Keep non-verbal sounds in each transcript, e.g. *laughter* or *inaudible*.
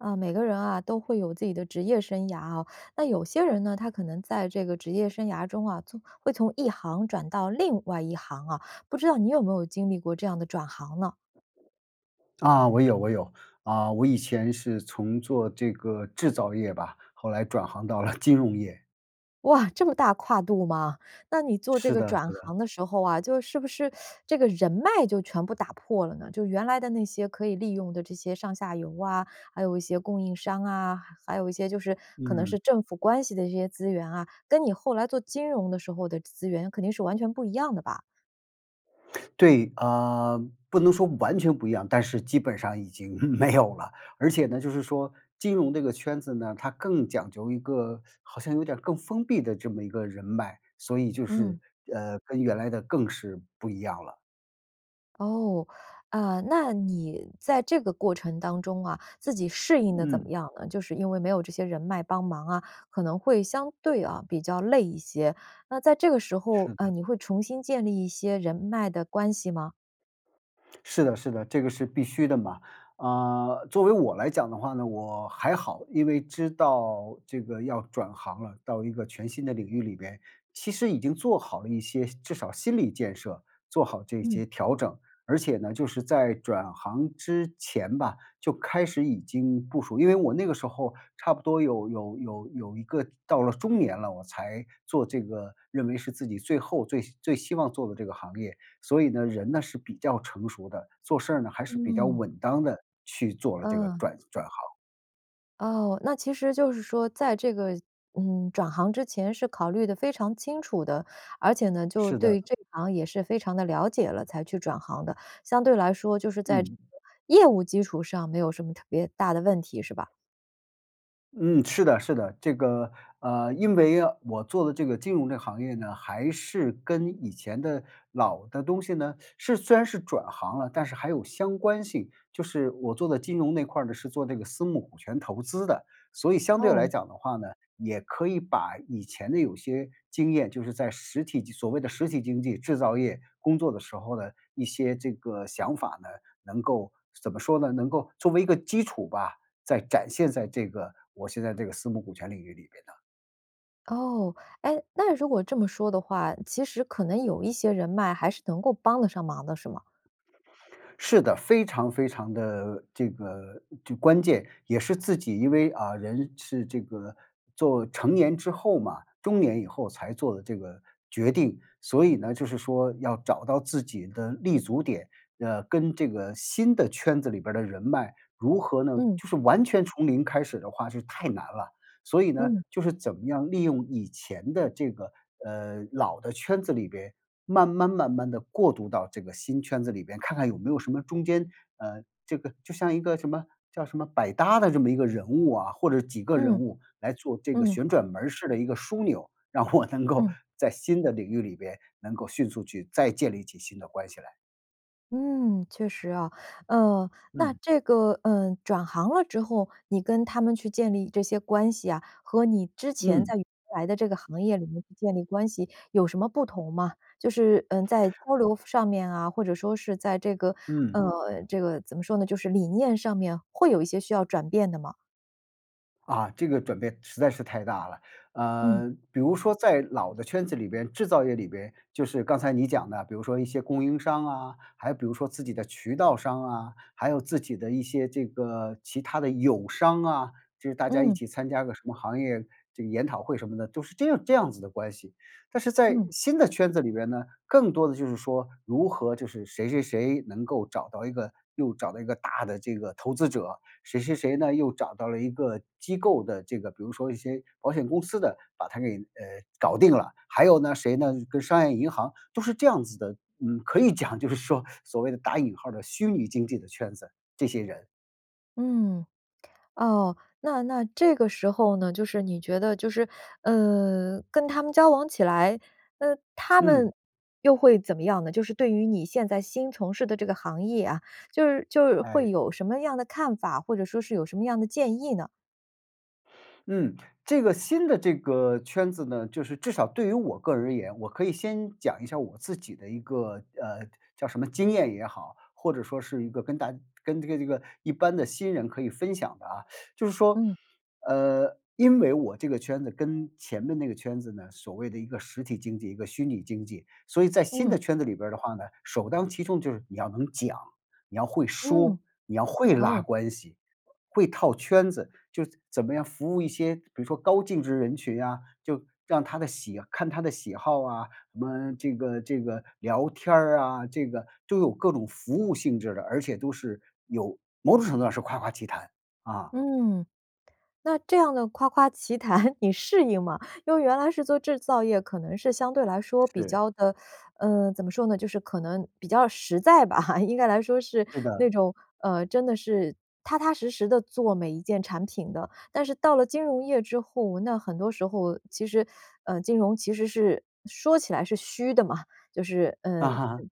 呃，每个人啊都会有自己的职业生涯哦。那有些人呢，他可能在这个职业生涯中啊，从会从一行转到另外一行啊，不知道你有没有经历过这样的转行呢？啊，我有我有。啊，我以前是从做这个制造业吧，后来转行到了金融业。哇，这么大跨度吗？那你做这是个的，是转的。行的时候啊，就是不是 *sucks teeth* 这个人脉就全部打破了呢？就原来的那些可以利用的这些上下游啊，还有一些供应商啊，还有一些就是可能嗯。是政府关系的这些资源啊，跟你后来做金融的时候的资源肯定是完全不一样的吧？对，呃，不能说完全不一样，但是基本上已经没有了。而且呢，就是说金融这个圈子呢，它更讲究一个 *sucks teeth* 好像有点儿更封闭的这么一个人脉，所以就是，嗯。呃，跟原来的更是不一样了。哦，呃，那你在这个过程当中啊，自己适应得怎么嗯。样呢？就是因为没有这些人脉帮忙啊，可能会相对啊比较累一些。那在这个时候，是的。嗯，你会重新建立一些人脉的关系吗？是的，是的，这个是必须的嘛。啊，作为我来讲的话呢，我还好，因为知道这个要转行了，到一个全新的领域里边，其实已经做好了一些至少心理建设，做好这嗯。些调整。而且呢，就是在转行之前吧，就开始已经部署，因为我那个时候差不多有有有有一个到了中年了，我才做这个，认为是自己最后最最希望做的这个行业。所以呢，人呢是比较成熟的，做事儿呢，还是比较嗯。稳当地去做了这个嗯。转转行。哦，那其实就是说在这个，嗯，转行之前是考虑得非常清楚的，而且呢就是对的。于这一行也是非常地了解了，才去转行的。相对来说，就是在这嗯。个业务基础上没有什么特别大的问题，是吧？嗯，是的，是的，这个，呃，因为我做的这个金融这个行业呢，还是跟以前的老的东西呢是虽然是转行了，但是还有相关性。就是我做的金融那块儿呢，是做这个私募股权投资的。所以相对哦。来讲的话呢，也可以把以前的有些经验，就是在实体经所谓的实体经济，制造业工作的时候呢，一些这个想法呢，能够怎么说呢，能够作为一个基础吧，再展现在这个我现在这个私募股权领域里边呢。哦。哎，那如果这么说的话，其实可能有一些人脉还是能够帮得上忙的是吗？是的，非常非常地这个就关键也是自己，因为，啊，人是这个，做成年之后嘛中年以后才做的这个决定。所以呢，就是说要找到自己的立足点，呃，跟这个新的圈子里边儿的人脉，如何呢嗯。就是完全从零开始的话是太难了。所以呢，嗯。就是怎么样利用以前的这个，呃，老的圈子里边，慢慢慢慢地过渡到这个新圈子里边。看看有没有什么中间呃，这个就像一个什么叫什么百搭的这么一个人物啊，或者几个人嗯。物来做这个嗯。旋转门儿式的一个枢纽，让我能够嗯。在新的领域里边，能够迅速去再建立起新的关系来。嗯，确实啊。呃，那嗯。这个，呃，转行了之后你跟他们去建立这些关系啊，和你之前嗯。在原来的这个行业里面去建立关系有什么不同吗？就是，嗯，在交流上面啊，或者说是在这个嗯。呃，这个怎么说呢，就是理念上面，会有一些需要转变的吗？啊，这个转变实在是太大了。嗯。呃，比如说在老的圈子里边，制造业里边，就是刚才你讲的，比如说一些供应商啊，还有比如说自己的渠道商啊，还有自己的一些这个其它的友商啊，就是大家一嗯。起参加个什么行业这个研讨会什么的，都是这样这样子的关系。但是在嗯。新的圈子里边呢，更多的就是说，如何就是谁谁谁能够找到一个又找到一个大的这个投资者，谁谁谁呢，又找到了一个机构的这个比如说一些保险公司的，把它给，呃，搞定了。还有呢，谁呢跟商业银行，都是这样子的。嗯，可以讲就是说，所谓的打引号儿的“虚拟经济”的圈子，这些人。嗯，哦。那那这个时候呢，就是你觉得就是，呃，跟他们交往起来，那他嗯。们又会怎么样呢？就是对于你现在新从事的这个行业啊，就是就有会哎。有什么样的看法，或者说是有什么样的建议呢？嗯，这个新的这个圈子呢，就是至少对于我个人而言，我可以先讲一下我自己的一个，呃，叫什么经验也好，或者说是一个跟大家跟这个这个一般的新人可以分享的啊。*sucks teeth* 就是说，嗯。呃，因为我这个圈子跟前面那个圈子呢，所谓的一个实体经济，一个虚拟经济。所以在新嗯。的圈子里边儿的话呢，首当其冲就是你要能讲，你要会说，嗯，你要会拉哦。关系、会套圈子，就怎么样服务一些，比如说高净值人群啊，就让他的喜看他的喜好啊，什么这个这个聊天儿啊，这个都有各种服务性质的，而且都是有某种程度上是夸夸其谈，啊。嗯，那这样的夸夸其谈，你适应吗？因为原来是做制造业，可能是相对来说比是。较地呃，怎么说呢，就是可能比较实在吧。*laughs* 应该来说是是的。那种，呃，真的是踏踏实实地做每一件产品的。但是到了金融业之后，那很多时候其实呃，金融其实是说起来是虚的嘛，就是啊嗯嗯，哈。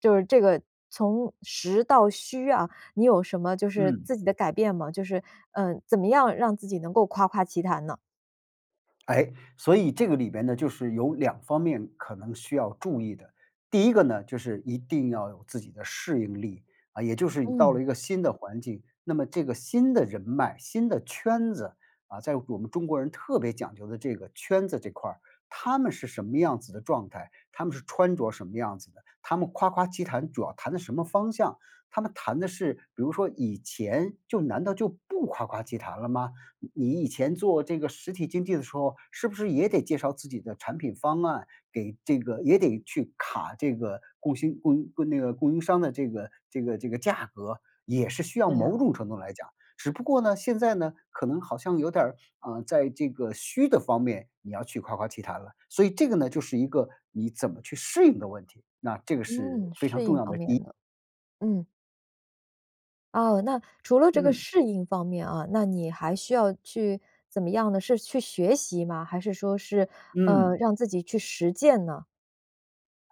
就是这个从实到虚啊，你有什么就是嗯。自己的改变吗？就是，呃，怎么样让自己能够夸夸其谈呢？哎，所以这个里边呢，就是有两方面可能需要注意的。第一个呢，就是一定要有自己的适应力，啊，也就是你到嗯。了一个新的环境，那么这个新的人脉、新的圈子，啊，在我们中国人特别讲究的这个圈子这块儿。他们是什么样子的状态，他们是穿着什么样子的，他们夸夸其谈主要谈的什么方向。他们谈的是比如说以前就难道就不夸夸其谈了吗？你你以前做这个实体经济的时候，是不是也得介绍自己的产品方案，给这个也得去卡这个供新供应那个供应商的这个这个这个价格，也是需要，对啊。某种程度来讲。只不过呢，现在呢，可能好像有点儿，啊，在这个虚的方面，你要去夸夸其谈了。所以这个呢就是一个你怎么去适应的问题，那这个是嗯，非常适重应要方的面一的，嗯。哦，那除了这个嗯。适应方面啊，那你还需要去怎么样呢？是去学习吗，还是说是，呃，嗯。让自己去实践呢？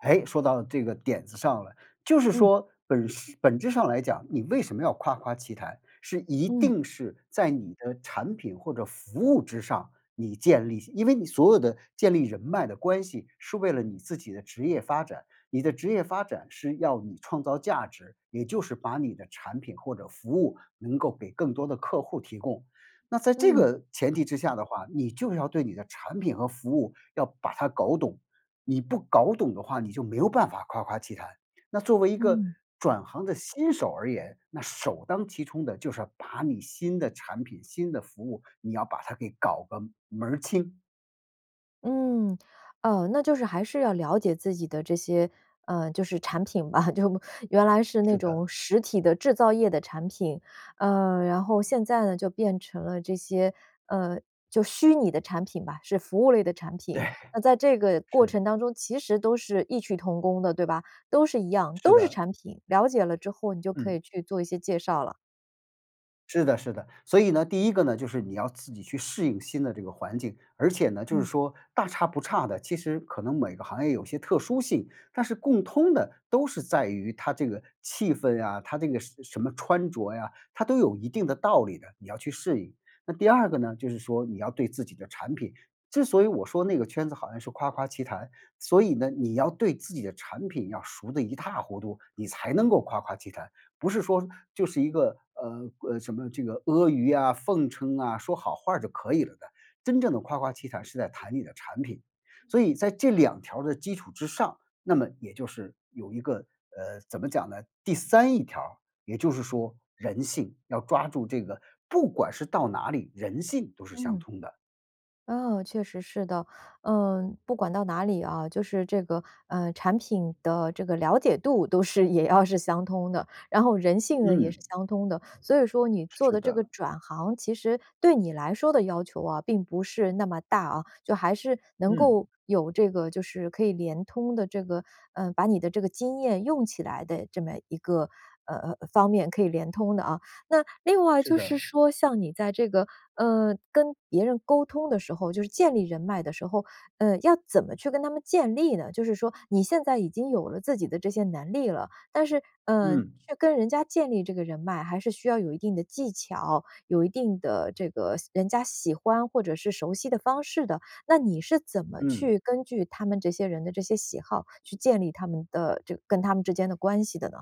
诶，说到这个点子上了，就是嗯。说本事本质上来讲，你为什么要夸夸其谈，是一嗯。定是在你的产品或者服务之上，你建立因为你所有的建立人脉的关系是为了你自己的职业发展，你的职业发展是要你创造价值，也就是把你的产品或者服务能够给更多的客户提供。那在这嗯。个前提之下的话，你就是要对你的产品和服务要把它搞懂，你不搞懂的话你就没有办法夸夸其谈。那作为一个嗯。转行的新手而言，那首当其冲的就是要把你新的产品、新的服务，你要把它给搞个门儿清。嗯，哦，那就是还是要了解自己的这些，呃，就是产品吧，*chuckles* 就原来是那是的。种实体的制造业的产品。呃，然后现在呢就变成了这些，呃，就虚拟的产品吧，是服务类的产对，品。那在这个过是。程当中，其实都是异曲同工的，对吧？都是一样，是都是的。产品，了解了之后你就可嗯。以去做一些介绍了。是的，是的。所以呢，第一个呢，就是你要自己去适应新的这个环境，而且呢，就是嗯。说大差不差的。其实可能每个行业有些特殊性，但是共通的都是在于它这个气氛啊，它这个什什么穿着呀，它都有一定的道理的，你要去适应。那第二个呢，就是说你要对自己的产品之所以我说那个圈子好像是夸夸其谈所以呢，你要对自己的产品要熟得一塌糊涂，你才能够夸夸其谈。不是说就是一个，呃，呃，什么这个阿谀啊、奉承啊、说好话儿就可以了的，真正的夸夸其谈是在谈你的产品。所以在这两条儿的基础之上，那么也就是有一个呃，怎么讲呢？第三一条，也就是说人性，要抓住这个不管是到哪里，人性都是相嗯。通的。嗯，确实是的。呃，不管到哪里啊，就是这个，呃，产品的这个了解度都是也要是相通的，然后人性呢也是嗯。相通的。所以说你做是的这个的。转行，其实对你来说的要求啊，并不是那么大啊，就还是能嗯。够有这个就是可以连通的这个呃，把你的这个经验用起来的这么一个，呃呃，方面可以连通的啊。那另外是是的。说像你在这个，呃，跟别人沟通的时候，就是建立人脉的时候，呃，要怎么去跟他们建立呢？就是说你现在已经有了自己的这些能力了，但是，呃，嗯。去跟人家建立这个人脉，还是需要有一定的技巧，有一定的这个喜人家喜欢或者是熟悉的方式的。那你是怎么嗯。去根据他们这些人的这些喜好去建立他们的这个跟他们之间的关系的呢？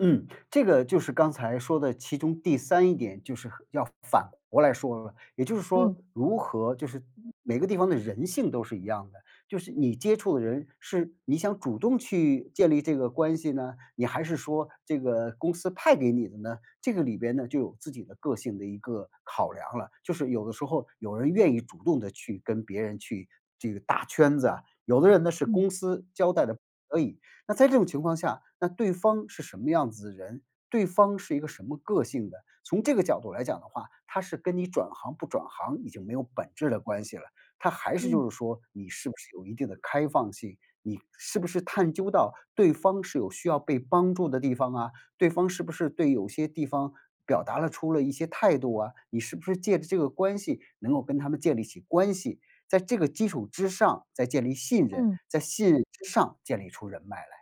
嗯，这个就是刚才说的，其中第三一点就是和要反过来说，也就是嗯。说如何就是每个地方的人性都是一样的。就是你接触的人是，你想主动去建立这个关系呢，你还是说这个公司派给你的呢？这个里边呢，就有自己的个性的一个考量了。就是有的时候有人愿意主动地去跟别人去这个搭圈子啊，有的人呢是嗯。公司交代的可以。那在这种情况下，那对方是什么样子的人？对方是一个什么个性的？从这个角度来讲的话，它是跟你转行不转行已经没有本质的关系了。它还是嗯。就是说，你是不是有一定的开放性，你是不是探究到对方是有需要被帮助的地方啊？对方是不是对有些地方表达了出了一些态度啊？你是不是借着这个关系能够跟他们建立起关系？在这个基础之上，再建立信任，嗯。在信任之上建立出人脉来。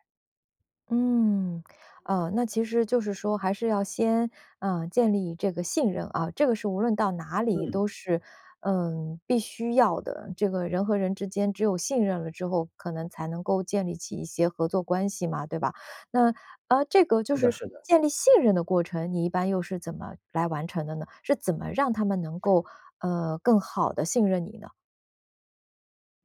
嗯。啊，那其实就是说还是要先，呃，建立这个信任啊，这个是无论到哪里嗯。都是，嗯，必须要的。这个人和人之间只有信任了之后，可能才能够建立起一些合作关系嘛，对吧？那，呃，这个就是的，是是的。建立信任的过程，你一般又是怎么来完成的呢？是怎么让他们能够，呃，更好地信任你呢？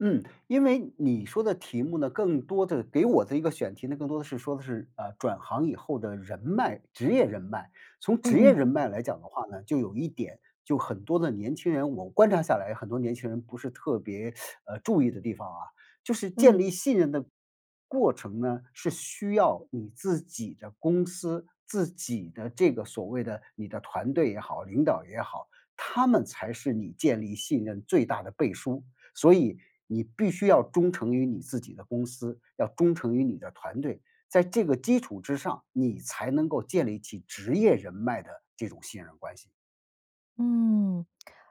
嗯，因为你说的题目呢，更多的给我的一个选题呢，更多的是说的是，呃，转行以后的人脉职业人脉。从嗯职业嗯。人脉来讲的话呢，就有一点，就很多的年轻人我观察下来很多年轻人不是特别，*sucks teeth* 呃，注意的地方啊。就是建嗯。立信任的，过程呢，是需要你自己的公司，自己的这个所谓的你的团队也好，领导也好，他们才是你建立信任最大的背书。所以你必须要忠诚于你自己的公司，要忠诚于你的团队，在这个基础之上，你才能够建立起职业人脉的这种信任关系。嗯。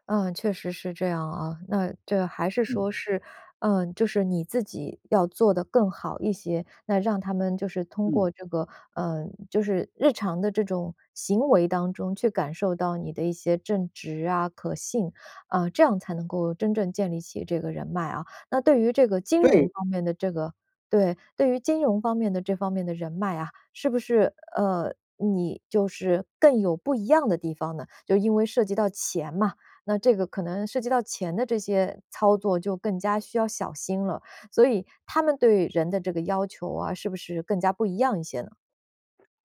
嗯，确实是这样啊。那这还是说嗯。是，嗯，就是你自己要做得更好一些，那让他们就是通嗯。过这个，嗯，就是日常的这种行为当中去感受到你的一些正直啊、可信，啊，这样才能够真正建立起这个人脉啊。那对于这个金融对。方面的这个对，对于金融方面的这方面的人脉啊，是不是呃，你就是更有不一样的地方呢？就因为涉及到钱嘛。那这个可能涉及到钱的这些操作就更加需要小心了，所以他们对人的这个要求啊，是不是更加不一样一些呢？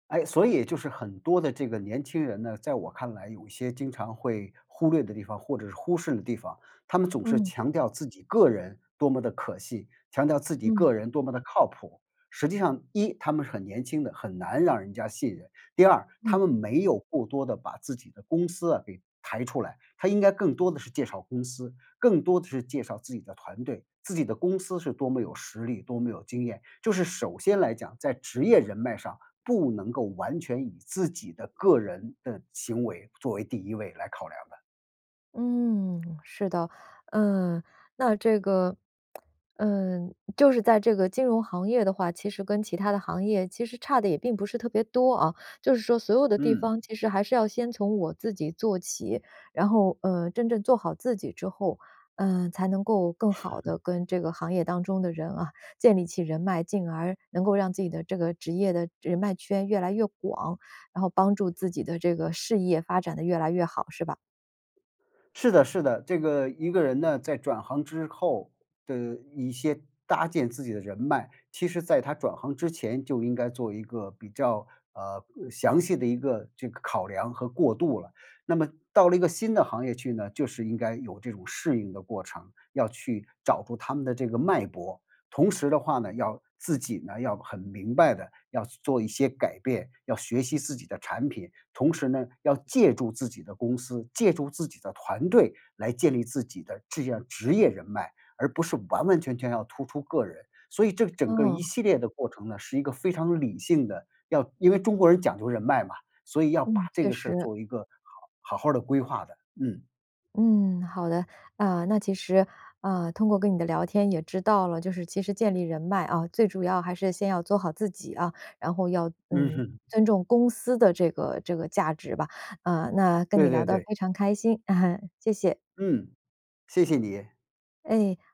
哎，所以就是很多的这个年轻人呢，在我看来有一些经常会忽略的地方，或者是忽视的地方。他们总是嗯。强调自己个人多么地可信，强调自己嗯。个人多么地靠谱。实际上，一，他们是很年轻的，很难让人家信任。第二，他嗯。们没有过多地把自己的公司啊给抬出来，他应该更多的是介绍公司，更多的是介绍自己的团队，自己的公司是多么有实力、多么有经验。就是首先来讲，在职业人脉上不能够完全以自己的个人的行为作为第1位来考量的。嗯，是的。嗯，那这个，嗯，就是在这个金融行业的话，其实跟其它的行业其实差得也并不是特别多啊，就是说所有的地嗯。方其实还是要先从我自己做起。然后，呃，真正做好自己之后，呃，才能够更好 *chuckles* 地跟这个行业当中的人啊，建立起人脉，进而能够让自己的这个职业的人脉圈越来越广，然后帮助自己的这个事业发展得越来越好，是吧？是的，是的。这个，一个人呢，在转行之后，的一些搭建自己的人脉，其实在他转行之前就应该做一个比较，呃，详细的一个这个考量和过渡了。那么到了一个新的行业去呢，就是应该有这种适应的过程，要去找出他们的这个脉搏。同时的话呢，要自己呢，要很明白地要去做一些改变，要学习自己的产品。同时呢，要借助自己的公司，借助自己的团队来建立自己的至样职业人脉，而不是完完全全要突出个人。所以这整个一哦。系列的过程呢，是一个非常理性的，要因为中国人讲究人脉嘛，所以要把嗯，这确个事儿实。做一个好好好的规划的，嗯。嗯，好的。呃，那其实，呃，通过跟你的聊天也知道了，就是其实建立人脉啊，最主要还是先要做好自己啊。然后要嗯嗯，哼。尊重公司的这个这个价值吧。呃，那跟对你聊对得对。非常开心，*chuckles* 谢谢。嗯，谢谢你。哎。